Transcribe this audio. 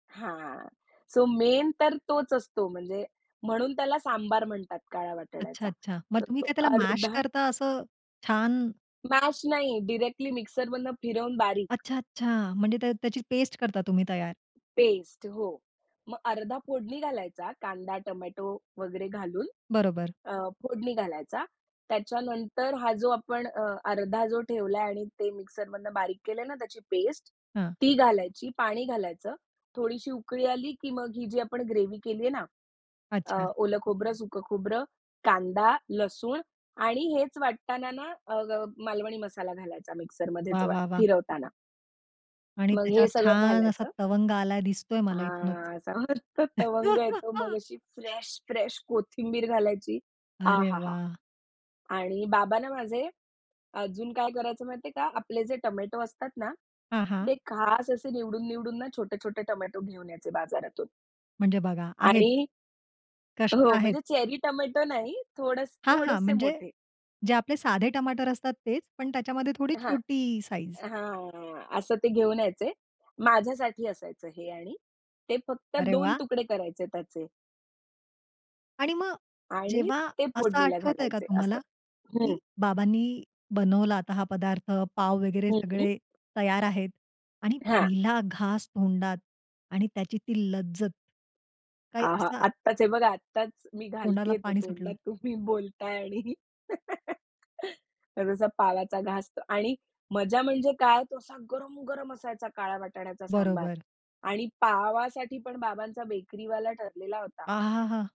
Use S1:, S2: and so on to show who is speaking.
S1: हां, so main तर तोच असतो म्हणजे म्हणून त्याला सांबार म्हणतात काळा
S2: अच्छा,
S1: वाटाण्याचा
S2: अच्छा! मग
S1: तर
S2: तुम्ही
S1: तो
S2: काय त्याला मॅश
S1: अर्धा
S2: करता असं छान?
S1: मॅश नाही. डायरेक्टली मिक्सरमधून फिरवून बारीक.
S2: अच्छा, अच्छा! म्हणजे त्या त्याची पेस्ट करता तुम्ही तयार.
S1: पेस्ट हो. मग अर्धा फोडणी घालायचा, कांदा, टोमॅटो वगैरे घालून
S2: बरोबर.
S1: अ, फोडणी घालायचा. त्याच्यानंतर हा जो आपण अ, अर्धा जो ठेवलाय आणि ते मिक्सरमधनं बारीक केलंय ना, त्याची पेस्ट,
S2: हां.
S1: ती घालायची, पाणी घालायचं, थोडीशी उकळी आली की मग ही जी आपण ग्रेव्ही केली आहे ना, अ,
S2: अच्छा.
S1: ओलं खोबरं, सुक खोबरं, कांदा, लसूण आणि हेच वाटताना ना, अ, ग मालवणी मसाला घालायचा मिक्सरमध्येच
S2: वाह!
S1: वा
S2: वाह! वाह!
S1: फिरवताना.
S2: आणि
S1: मग हे
S2: त्याच्यावर
S1: सगळं
S2: छान असा
S1: घालायचं.
S2: तवंग आला दिसतोय मला इथूनच.
S1: हां, असा मस्त तवंग येतो, मग अशी फ्रेश, फ्रेश कोथिंबीर घालायची. आ!
S2: अरे
S1: हा! हा!
S2: वाह!
S1: आणि बाबा ना, माझे अजून काय करायचं माहितीये का? आपले जे टोमॅटो असतात ना,
S2: हां, हां.
S1: ते खास असे निवडून-निवडून ना छोटे-छोटे टोमॅटो घेऊन यायचे बाजारातून.
S2: म्हणजे बघा आहेच.
S1: आणि
S2: कष्ट
S1: हो,
S2: आहेत.
S1: म्हणजे चेरी टोमॅटो नाही. थोड
S2: हां, हां,
S1: थोडेसे
S2: म्हणजे
S1: मोठे.
S2: जे आपले साधे टमाटर असतात तेच, पण त्याच्यामध्ये थोडी
S1: हां,
S2: छोटी साइझ.
S1: हां, असं ते घेऊन यायचे. माझ्यासाठी असायचं हे आणि ते फक्त
S2: अरे
S1: 2
S2: वाह!
S1: तुकडे करायचे त्याचे.
S2: आणि मग
S1: आणि
S2: जेव्हा
S1: ते
S2: असं
S1: फोडणीला
S2: आठवतंय का
S1: घालायचे असं.
S2: तुम्हाला?
S1: हं.
S2: की बाबांनी बनवला आता हा पदार्थ, पाव वगैरे
S1: हं.
S2: सगळे तयार आहेत आणि
S1: हां.
S2: पहिला घास तोंडात आणि त्याची ती लज्जत, काही
S1: आहा!
S2: असा
S1: आत्ताच हे बघा आत्ताच मी
S2: तोंडाला
S1: घालतीये तो
S2: पाणी सुटलं.
S1: तोंडात तुम्ही बोलताय आणि जसा पावाचा घास आणि मजा म्हणजे काय तो असा गरम-गरम असायचा काळ्या वाटाण्याचा सांबार
S2: बरोबर.
S1: आणि पावासाठी पण बाबांचा बेकरीवाला ठरलेला होता.
S2: अहा! हा!